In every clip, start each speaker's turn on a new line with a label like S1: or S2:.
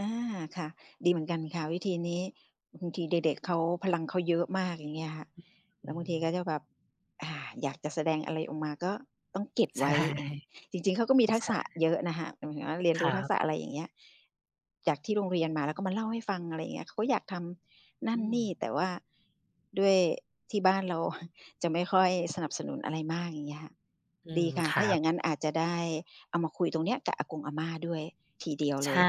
S1: อา ค่ะ ดีเหมือนกันค่ะวิธีนี้ บางทีเด็ก ๆ เขา พลังเขาเยอะมาก อย่างเงี้ยค่ะ แล
S2: อ
S1: ้
S2: ื
S1: วบางที
S2: ม
S1: ก็จะแบบ อา อยากจะแสดงอะไรออกมา ก็ต้องเก็บ
S2: ใช
S1: ไว
S2: ่
S1: ้ เออ จริง ๆ เขาก็มีทั
S2: ใช
S1: กษะ
S2: ่
S1: เยอะน่ะค่ะตรงเนี้ย เรียน
S2: ค
S1: รู
S2: ร
S1: ้
S2: ั
S1: ทัก
S2: บ
S1: ษะ อะไรอย่างเงี้ย จากที่โรงเรียนมา แล้วก็มาเล่าให้ฟัง อะไรอย่างเงี้ย เขาก็อยากทำนั
S2: อ
S1: ่
S2: ื
S1: นนี่
S2: ม
S1: แต่ว่าด้วยที่บ้านเรา จะไม่ค่อยสนับสนุนอะไรมาก อย่างเงี้ยค่ะ
S2: อื
S1: ดี
S2: ม
S1: ค่ะ
S2: ค
S1: ถ้
S2: รั
S1: าอย่
S2: บ
S1: างงั้นอาจจะได้เอามาคุยตรงเนี้ยกับอากงอาม่าด้วย ทีเดียวเ
S2: ใ
S1: ล
S2: ช
S1: ย
S2: ่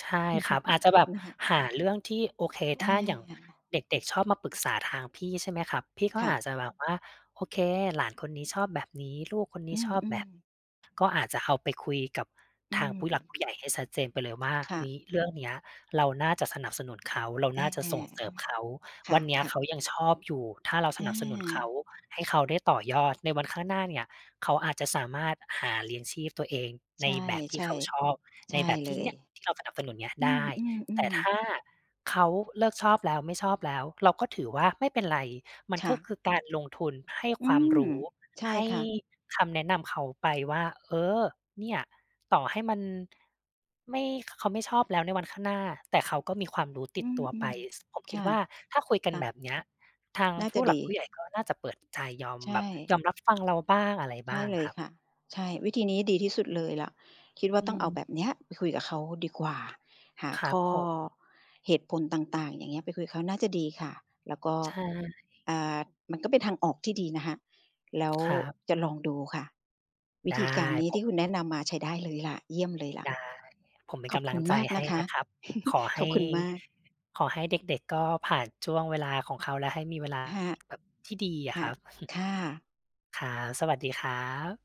S2: ใช่ครับ อาจจะแบบ
S1: นะคะ
S2: หาเรื่องที่ โอเค
S1: อ
S2: ถ้าอย่าง
S1: า
S2: เด็ก ๆ ชอบมาปรึกษาทางพี่ ใช่ไหมครับ? พี่ก็
S1: ค่
S2: อ
S1: ะ
S2: าจจะแบบว่า โอเค หลานคนนี้ชอบแบบนี้ ลูกคนน
S1: อื
S2: ี้ชอบแบ
S1: ม
S2: บ
S1: ๆ
S2: ก็อาจจะเอาไปคุยกับ
S1: อื
S2: ทางผู้หลัก
S1: ม
S2: ผู้ใหญ่ให้ชัดเจนไปเลยว่า
S1: ค
S2: เ
S1: ่
S2: ฮ
S1: ะ
S2: ้ย เรื่องเนี้ยเราน่าจะสนับสนุนเขา เรา
S1: อ
S2: น
S1: า
S2: ่าจะส่งเสริมเขา
S1: ค
S2: ว
S1: ่
S2: ั
S1: ะ
S2: นเนี้ย
S1: ค่
S2: เข
S1: ะ
S2: ายังชอบอยู่ ถ้าเราส
S1: อ
S2: นับสนุนเขา
S1: า
S2: ให้เขาได้ต่อยอดในวันข้างหน้าเนี่ย เขาอาจจะสามารถหาเลี้ยงชีพตัวเอง
S1: ใ
S2: ใ
S1: ช
S2: น
S1: ่
S2: แบบท
S1: ๆ
S2: ี่เขาชอบ
S1: ใ
S2: ใ
S1: ช
S2: น
S1: ่
S2: แบบ
S1: เ
S2: ท
S1: ล
S2: ี่เน
S1: ย
S2: ี่ยที่เราสนับสนุนเนี้ย
S1: อื
S2: ได้ แต่
S1: อ
S2: ถ
S1: ๆ ๆ
S2: ้าเขาเลิกชอบแล้ว ไม่ชอบแล้ว เราก็ถือว่า ไม่เป็นไร มัน
S1: ค่
S2: ก็
S1: ะ
S2: คือการลงทุนให้
S1: อื
S2: ความ
S1: ม
S2: รู้
S1: ใช่
S2: ให้
S1: ค่ะ
S2: คำแนะนำเขาไปว่า เออ เนี่ย ต่อให้มันไม่ เขาไม่ชอบแล้วในวันข้างหน้า แต่เขาก็มีความรู้ต
S1: อ
S2: ิ
S1: ื
S2: ดตัวไป
S1: ม
S2: ซึ่งผม
S1: ๆ ค
S2: คิ
S1: ่
S2: ด
S1: ะ
S2: ว่า ถ้าคุยกั
S1: ค
S2: น
S1: ่
S2: แบ
S1: ะ
S2: บเนี้ย ทาง
S1: น่า
S2: ผ
S1: จ
S2: ู
S1: ะ
S2: ้ห
S1: ด
S2: ลั
S1: ี
S2: กผู้ใหญ่ก็น่าจะเปิดใจยอม
S1: ใช
S2: แบบ
S1: ่
S2: ยอมรับฟังเราบ้างอะไร
S1: ใช
S2: บ้
S1: ่
S2: าง
S1: เล
S2: ค
S1: ย
S2: รับ
S1: ค่ะ ใช่ วิธีนี้ดีที่สุดเลยล่ะ คิดว่า
S2: อื
S1: ต้องเอา
S2: ม
S1: แบบเนี้ยไปคุยกับเขาดีกว่า หา
S2: คร
S1: ข
S2: ับ
S1: ้อ
S2: ผม
S1: เหตุผลต่าง ๆ อย่างเงี้ย ไปคุยกับเขาน่าจะดีค่ะ แล้วก็
S2: ใช่
S1: อ่า มันก็เป็นทางออกที่ดีนะคะ แล้ว
S2: ครับ
S1: จะลองดูค่ะ วิ
S2: ได้
S1: ธีการนี้
S2: ผ
S1: ที
S2: ม
S1: ่คุณแนะนำมาใช้ได้เลยล่ะ เยี่ยมเลยล่ะ
S2: ได้ ผมเป็น
S1: ข
S2: ก
S1: อบ
S2: ำล
S1: ค
S2: ั
S1: ุ
S2: ง
S1: ณ
S2: ใจ
S1: มาก
S2: ให
S1: น
S2: ้
S1: ะค
S2: น
S1: ะ
S2: ะครับ ขอให
S1: ขอ
S2: ้
S1: บคุณมาก
S2: ขอให้เด็ก ๆ ก็ผ่านช่วงเวลาของเขา และให้มีเวลา
S1: ค่ะ
S2: แบบ ที่ดีอ
S1: ค
S2: ะ
S1: ่
S2: ค
S1: ะ
S2: รับ
S1: ค่ะ
S2: ครับ สวัสดีครับ